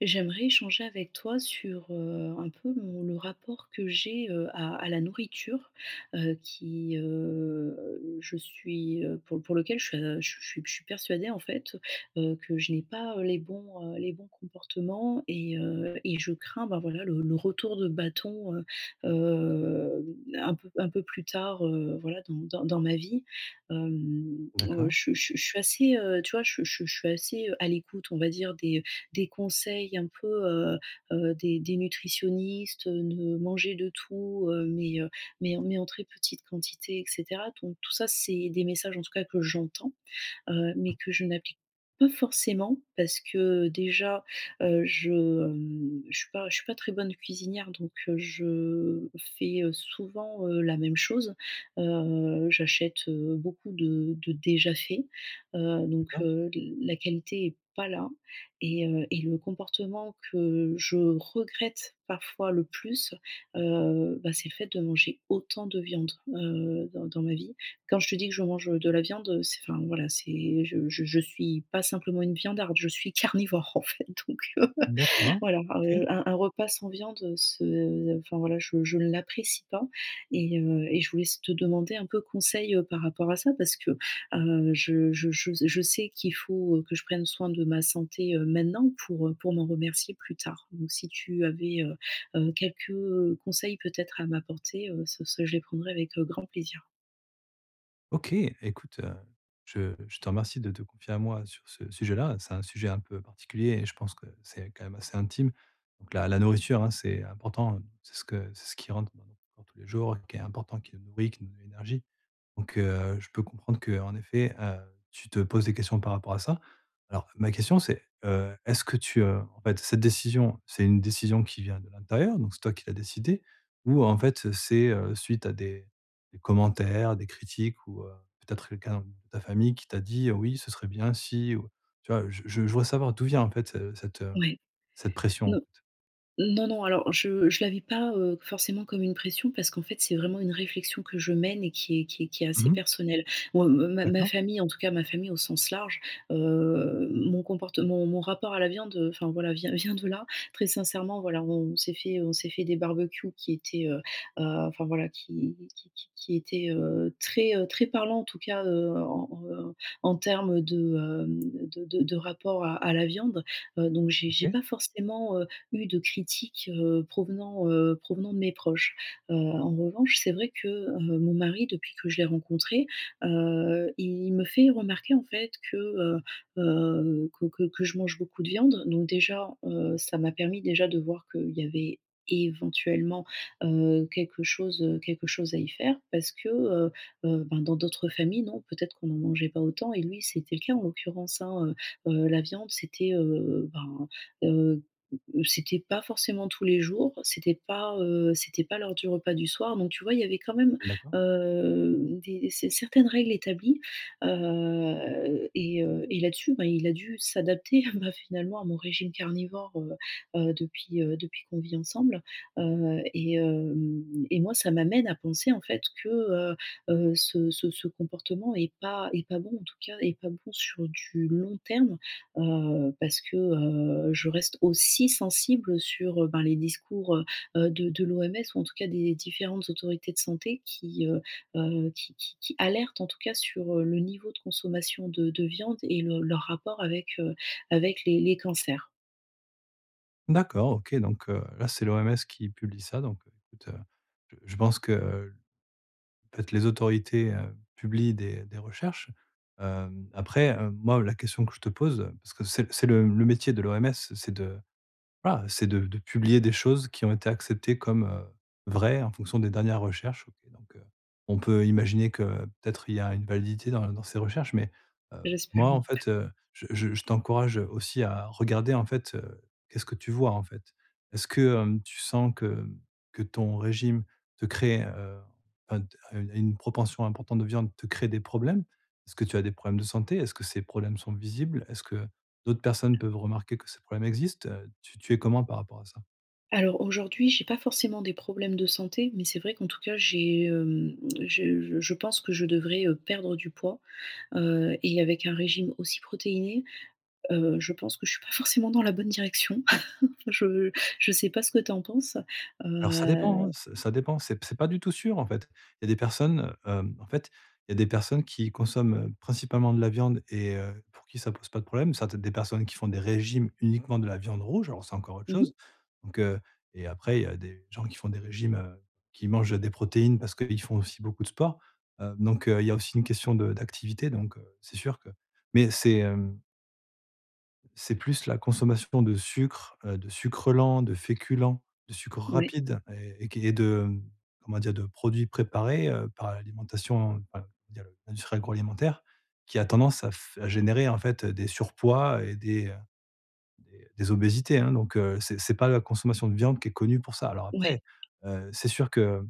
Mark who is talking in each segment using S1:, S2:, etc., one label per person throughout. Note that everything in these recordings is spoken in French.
S1: J'aimerais échanger avec toi sur, heu, un peu mon le rapport que j'ai, heu, à à la nourriture. Heu, qui heu, je suis, heu, pour pour lequel je je suis je suis je suis persuadée, en fait, heu, que je n'ai pas, heu, les bons, heu, les bons comportements. Et heu et je crains, bah, voilà, le le retour de bâton, heu, hem, un peu un peu plus tard, heu, voilà, dans dans dans ma vie. Hem, heu,
S2: D'accord.
S1: je suis je suis je suis assez, heu, tu vois? Je suis je suis je suis, heu, assez à l'écoute, on va dire, des des conseils un peu, heu heu, des des nutritionnistes, heu, de manger de tout, heu, mais heu, mais en mais en très petite quantité et cetera. Donc tout ça, c'est des messages, en tout cas, que j'entends. Heu, mais que je n'applique pas forcément. Parce que déjà, heu, je, hem, je suis pas je suis pas très bonne cuisinière donc, heu, je fais, heu, souvent, heu, la même chose. Heu, j'achète, heu, beaucoup de de déjà fait. Heu, donc,
S2: D'accord.
S1: heu, la qualité est pas là. Et heu et le comportement que je regrette parfois le plus, heu, bah, c'est le fait de manger autant de viande, heu, dans dans ma vie. Quand je te dis que je mange, heu, de la viande, heu, c'est enfin, voilà, c'est je je je suis pas simplement une viandarde, je suis carnivore, en fait, donc, heu.
S2: D'accord.
S1: Voilà,
S2: OK.
S1: heu, un un repas sans viande, heu, ce enfin, voilà, je je ne l'apprécie pas. Et heu et je voulais s te demander un peu conseil, heu, par rapport à ça. Parce que, heu, je je je s je sais qu'il faut, heu, que je prenne soin de ma santé, heu, maintenant pour, heu, pour m'en remercier plus tard. Donc si tu avais, heu heu, quelques conseils peut-être à m'apporter, heu, ce ce je les prendrai avec, heu, grand plaisir.
S2: OK, écoute, heu, je je te remercie de te confier à moi sur ce sujet-là. C'est un sujet un peu particulier et je pense que c'est quand même assez intime. Donc la la nourriture, hein, c'est important, heu, c'est ce que c'est ce qui rentre dans notre corps tous les jours, qui est important qui nous nourrit, qui nous donne de l'énergie. Donc, heu, je peux comprendre qu'en effet, heu, tu te poses des questions par rapport à ça. Alors ma question c'est, heu, est-ce que tu, heu, en fait cette décision, c'est une décision qui vient de l'intérieur? Donc c'est toi qui l'a décidé. Ou, en fait, c'est, heu, suite à des des commentaires, des critiques ou, heu, peut-être quelqu'un de ta famille qui t'a dit, heu: «Oui ce serait bien si, heu». Tu vois? Heu, je je je voudrais savoir d'où vient, en fait, heu, cette, heu,
S1: Ouais.
S2: cette pression, en
S1: Non.
S2: fait.
S1: Non, non, alors, je je la vis pas, heu, forcément comme une pression parce qu'en fait, c'est vraiment une réflexion que je mène et qui est qui est qui est assez
S2: Mmh mh.
S1: personnelle. Moi, ma ma
S2: D'accord.
S1: famille, en tout cas, ma famille au sens large, heu, mon comportement, mon rapport à la viande, enfin voilà, vient vient de là. Très sincèrement, voilà, on s'est fait, heu, on s'est fait des barbecues qui étaient, heu heu, enfin voilà, qui qui qui qui étaient, heu, très, heu, très parlant, en tout cas, heu, en en en termes de, hem, de de de rapport à à la viande. Heu, donc j'ai j'ai
S2: OK.
S1: pas forcément, heu, eu de critiques, heu, provenant, heu, provenant de mes proches. Heu, en revanche, c'est vrai que, heu, mon mari depuis que je l'ai rencontré, heu, il me fait remarquer, en fait, que, heu heu, que que que je mange beaucoup de viande. Donc déjà, heu, ça m'a permis déjà de voir qu'il y avait éventuellement, heu, quelque chose, heu, quelque chose à y faire. Parce que, heu heu, ben, dans d'autres familles, non peut-être qu'on n'en mangeait pas autant et lui, c'était le cas en l'occurrence, hein, heu heu, la viande, c'était, heu, ben, heu, c'était pas forcément tous les jours, c'était pas, heu, c'était pas l'heure du repas du soir. Donc, tu vois, il y avait quand même,
S2: D'accord.
S1: heu, des s certaines règles établies. Heu et heu et là-dessus, ben, il a dû s'adapter à bah, finalement à mon régime carnivore, heu heu, depuis, heu, depuis qu'on vit ensemble. Heu et hem et moi, ça m'amène à penser en fait que, heu heu, ce ce ce comportement est pas est pas bon, en tout cas, est pas bon sur du long terme. Heu, parce que, heu, je reste aussi sensible, heu, sur, heu, ben, les discours, heu heu, de de l'OMS ou en tout cas des différentes autorités de santé qui, heu heu, qui qui qui alertent en tout cas sur, heu, le niveau de consommation de de viande et le leur rapport avec, heu, avec les les cancers.
S2: D'accord, OK, donc heu, là c'est l'OMS qui publie ça donc, heu, écoute, heu, je je pense qu'en fait, les autorités, heu, publient des des recherches, hem. Après, hem, moi, la question que je te pose, parce que c'est c'est le le métier de l'OMS c'est de, bah, c'est de de publier des choses qui ont été acceptées comme, heu, vraies en fonction des dernières recherches, OK, donc, heu, on peut imaginer que peut-être, il y a une validité dans dans ces recherches. Mais, heu,
S1: Beh, j'espère
S2: moi,
S1: oui.
S2: en fait, heu, je je je t'encourage, heu, aussi à regarder, en fait, heu, qu'est-ce que tu vois, en fait? Est-ce que, hem, tu sens que, hem, que ton régime te crée, heu, enfin de une une proportion importante de viande te crée des problèmes? Est-ce que tu as des problèmes de santé? Est-ce que ces problèmes sont visibles? Est-ce que d'autres personnes peuvent remarquer que ces problèmes existent? Heu, tu tu es comment par rapport à ça?
S1: Alors, aujourd'hui, j'ai pas forcément des problèmes de santé. Mais c'est vrai qu'en tout cas, j'ai hem, je je pense que je devrais, heu, perdre du poids, heu et avec un régime aussi protéiné, heu, je pense que je suis pas forcément dans la bonne direction. Enfin, je je sais pas ce que tu en penses,
S2: Alors, ça dépend, hein,
S1: heu?
S2: s ça dépend, c'est p c'est pas du tout sûr, en fait. Il y a des personnes, heu, hem, en fait, il y a des personnes qui consomment, heu, principalement de la viande et heu, pour qui ça pose pas de problème, ça peut être des personnes qui font des régimes uniquement de la viande rouge alors c'est encore autre
S1: Mmh
S2: chose.
S1: mh.
S2: Donc, heu et après, il y a des gens qui font des régimes, heu, qui mangent des protéines parce qu'ils font aussi beaucoup de sport, heu. Donc, heu, il y a aussi une question de d'activité, donc, heu, c'est sûr que mais c'est, hem. C'est plus la consommation de sucre, heu, de sucre lent, de féculents, de sucre
S1: Ouais.
S2: rapide et qui est de, comment dire? de produits préparés, heu, par l'alimentation, il y a l'industrie agroalimentaire qui a tendance à f à générer, en fait, heu, des surpoids et des, heu, des obésités, hein donc, heu, c'est c'est pas la consommation de viande qui est connue pour ça. Alors
S1: Ouais.
S2: après, heu, c'est sûr que,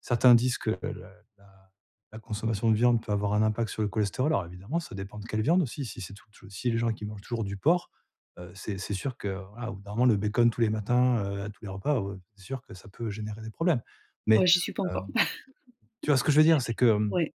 S2: certains disent que le la la consommation de viande peut avoir un impact sur le cholestérol. Alors évidemment, ça dépend de quelle viande aussi, si c'est tout si les gens qui mangent toujours du porc, heu, c'est c'est sûr que voilà, au bout d'un moment, le bacon tous les matins, heu, à tous les repas, ou, heu, c'est sûr que ça peut générer des problèmes, mais,
S1: Ouais, j'y suis pas encore.
S2: hem, tu vois ce que je veux dire? C'est que, hem
S1: Ouais.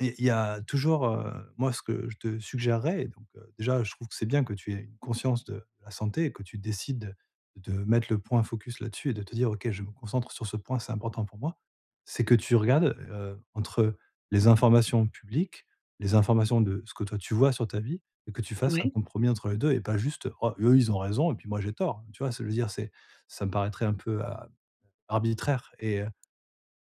S2: et il y a toujours, heu, moi ce que je te suggérerais donc, heu, déjà, je trouve que c'est bien que tu aies une conscience de la santé et que tu décides de mettre le point focus là-dessus et de te dire: «OK, je me concentre sur ce point, c'est important pour moi». C'est que tu regardes, heu, entre les informations publiques, les informations de ce que toi tu vois sur ta vie, et que tu fasses un
S1: Ouais.
S2: compromis entre les 2 et pas juste «oh eux, ils ont raison et puis moi j'ai tort hein» tu vois? Ça veut dire, c'est ça me paraîtrait un peu a arbitraire et heu,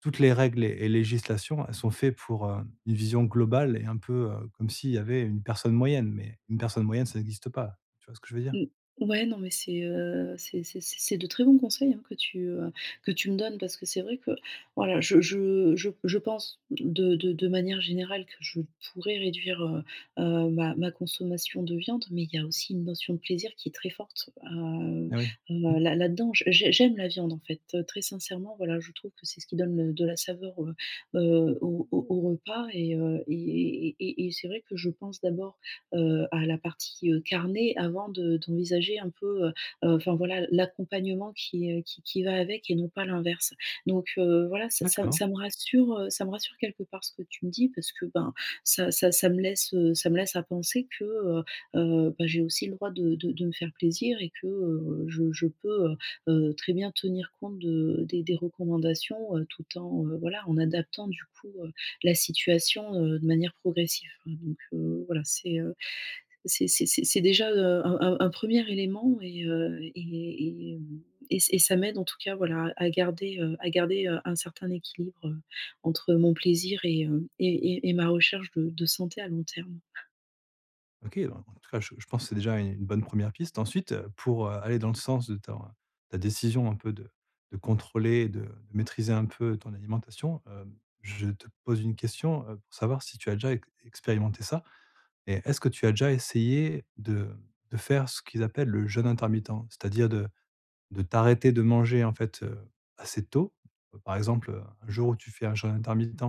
S2: toutes les règles et législations, elles sont fait pour, heu, une vision globale et un peu, heu, comme s'il y avait une personne moyenne, mais une personne moyenne, ça existe pas. Tu vois ce que je veux dire?
S1: Mmh. Ouais, non mais c'est, heu, c'est c'est c'est c'est de très bons conseils, hein, que tu, heu, que tu me donnes. Parce que c'est vrai que, voilà, je je je je pense de de de manière générale que je pourrais réduire, heu heu, ma ma consommation de viande, mais il y a aussi une notion de plaisir qui est très forte, heu
S2: Ah oui, mmh.
S1: heu, là là-dedans. J'ai j'aime la viande, en fait, heu, très sincèrement, voilà, je trouve que c'est ce qui donne, heu, de la saveur, heu heu, au au au repas et heu, et et et et c'est vrai, que je pense d'abord, heu, à la partie, heu, carnée avant de d'envisager un peu, heu heu, enfin voilà, l'accompagnement qui, heu, qui qui va avec et non pas l'inverse, donc, heu, voilà, ça ça
S2: D'accord.
S1: ça me rassure, heu, ça me rassure quelque part ce que tu me dis parce que ben, ça ça ça me laisse, heu, ça me laisse à penser que, heu heu, bah j'ai aussi le droit de de de me faire plaisir et que, heu, je je peux, heu heu, très bien tenir compte de des des recommandations, heu, tout en, heu, voilà, en adaptant du coup, heu, la situation, heu, de manière progressive, hein, donc, heu, voilà, c'est, heu, c'est c'est c'est c'est déjà, heu, un un un 1er élément, et heu, et et mmh et et ça m'aide en tout cas voilà, à garder, heu, à garder, heu, un certain équilibre entre mon plaisir et heu, et et ma recherche de de santé à long terme.
S2: OK. En en tout cas, je je pense c'est déjà une une bonne 1re piste ensuite, heu, pour, heu, aller dans le sens de ton, ta décision un peu de de contrôler et de de maîtriser un peu ton alimentation, hem, je te pose une question, heu, pour savoir si tu as déjà ex expérimenté ça, et est-ce que tu as déjà essayé de de faire ce qu'ils appellent le jeûne intermittent, c'est-à-dire de de t'arrêter de manger en fait, heu, assez tôt, bah par exemple, heu, un jour où tu fais un jeune intermittent,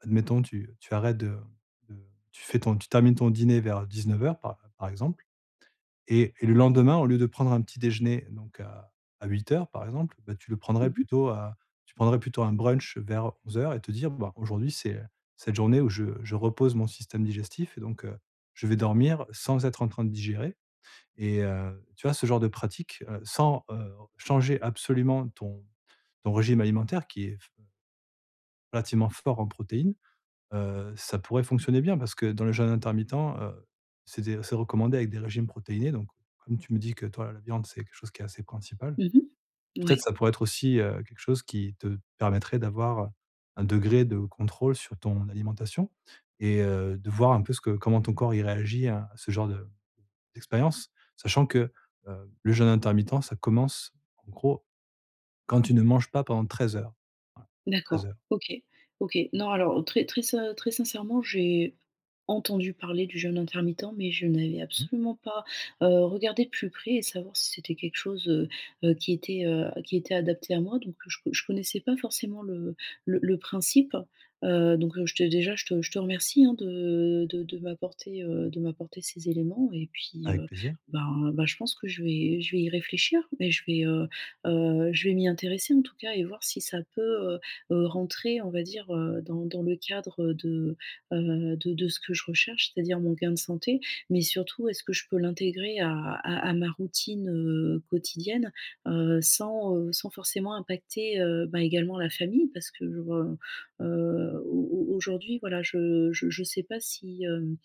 S2: admettons tu, heu, tu arrêtes de de tu fais ton tu termines ton dîner vers 19:00 par par exemple, et et le lendemain au lieu de prendre un petit déjeuner donc à à 8:00 par exemple, bah, tu le prendrais
S1: Mmh mh.
S2: plutôt à tu prendrais plutôt un brunch vers 11:00 et te dire, bah, aujourd'hui c'est, heu, cette journée où je je repose mon système digestif et donc, heu, je vais dormir sans être en train de digérer et heu, tu vois ce genre de pratique, heu, sans, heu, changer absolument ton ton régime alimentaire qui est fe relativement fort en protéines, heu, ça pourrait fonctionner bien parce que dans le jeûne intermittent, heu, c'est des c'est recommandé avec des régimes protéinés donc, comme tu me dis que toi la viande, c'est quelque chose qui est assez principal.
S1: Mmh mh.
S2: Peut-être
S1: Ouais.
S2: ça pourrait être aussi, heu, quelque chose qui te permettrait d'avoir, heu, un degré de contrôle sur ton alimentation et heu, de voir un peu ce que comment ton corps il réagit à à ce genre de d'expérience, sachant que, heu, le jeûne intermittent, ça commence, en gros, quand tu ne manges pas pendant 13 heures, voilà, 13
S1: D'accord.
S2: heures.
S1: OK. OK. Non alors, très très ser très sincèrement, j'ai entendu parler du jeûne intermittent, mais je n'avais
S2: Mmh.
S1: absolument pas, heu, regardé de plus près, et savoir si c'était quelque chose, heu heu, qui était, heu, qui était adapté à moi. Donc je co je connaissais pas forcément le le le principe, heu, donc je te déjà je te je te remercie, hein, de de de m'apporter, heu, de m'apporter ces éléments et puis,
S2: Avec
S1: heu,
S2: plaisir.
S1: ben ben, je pense que je vais je vais y réfléchir et je vais, heu heu, je vais m'y intéresser en tout cas et voir si ça peut, heu heu, rentrer on va dire, heu, dans dans le cadre de, heu, de de ce que je recherche, c'est-à-dire mon gain de santé, mais surtout est-ce que je peux l'intégrer à à à ma routine, heu, quotidienne, heu, sans, heu, sans forcément impacter, heu, bah également la famille parce que je re heu, au au aujourd'hui voilà je je je sais pas si, hem,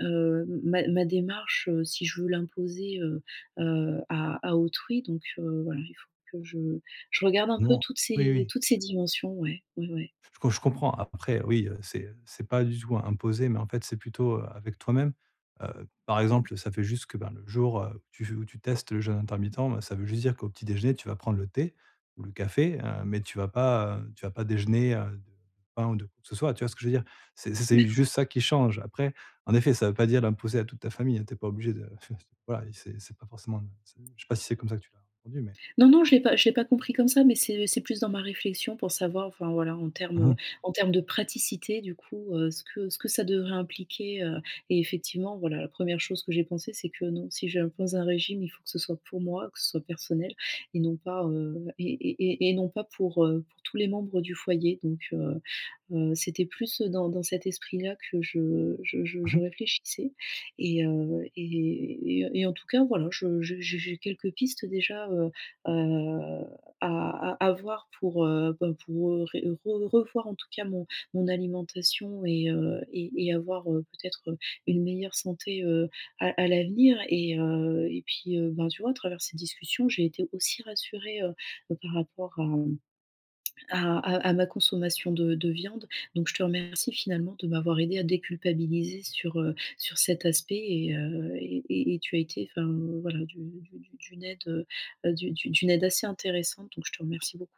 S1: heu, ma ma démarche, heu, si je veux l'imposer, heu heu, à à autrui donc, heu, voilà il faut que je je regarde un peu
S2: Non
S1: toutes
S2: oui,
S1: ces
S2: oui.
S1: toutes ces
S2: [unintelligible]
S1: dimensions, ouais, ouais, ouais.
S2: Je co je comprends après oui, heu, c'est, heu, c'est pas du tout im imposé, mais en fait c'est plutôt, heu, avec toi-même, heu, par exemple, heu, ça fait juste que, ben, le jour, heu, où tu veux où tu testes le jeûne intermittent, bah ça veut juste dire qu'au petit déjeuner, tu vas prendre le thé ou le café, hem, mais tu vas pas, heu, tu vas pas déjeuner, heu, de pain ou de quoi que ce soit, tu vois ce que je veux dire? C'est c'est c'est
S1: D'accord.
S2: juste ça qui change, après en effet, ça veut pas dire l'imposer à toute ta famille, hein, tu es pas obligée de f [unintelligible] voilà, i c'est c'est pas forcément, [unintelligible] je sais pas si c'est comme ça que tu l'as entendu mais
S1: Non, non, je l'ai pas je l'ai pas compris comme ça, mais c'est c'est plus dans ma réflexion pour savoir, enfin, voilà, en
S2: Mmh
S1: termes,
S2: mh.
S1: heu, en termes de praticité du coup, heu, ce que ce que ça devrait impliquer, heu, et effectivement voilà, la 1re chose que j'ai pensé c'est que non, si j'impose un régime, il faut que ce soit pour moi, que ce soit personnel et non pas, heu, et et et et non pas pour, heu, pour tous les membres du foyer. Donc, heu heu, c'était plus dans dans cet esprit-là que je je je
S2: Mmh
S1: je
S2: mh.
S1: réfléchissais et heu, et et heu, et en tout cas voilà je je j'ai j'ai quelques pistes déjà, heu heu, à à à voir pour, heu, ben pour ré re revoir en tout cas mon mon alimentation et heu, et et avoir, heu, peut-être, heu, une meilleure santé, heu, à à l'avenir et heu, et puis, heu, ben tu vois à travers cette discussion, j'ai été aussi rassurée, heu heu, par rapport à, mmh, à à à ma consommation de de viande. Donc je te remercie finalement de m'avoir aidée à déculpabiliser sur, heu, sur cet aspect et heu, et et et tu as été, enfin, voilà, d'u d'u d'u d'une aide, heu heu, d'u d'u d'une aide assez intéressante donc je te remercie beaucoup.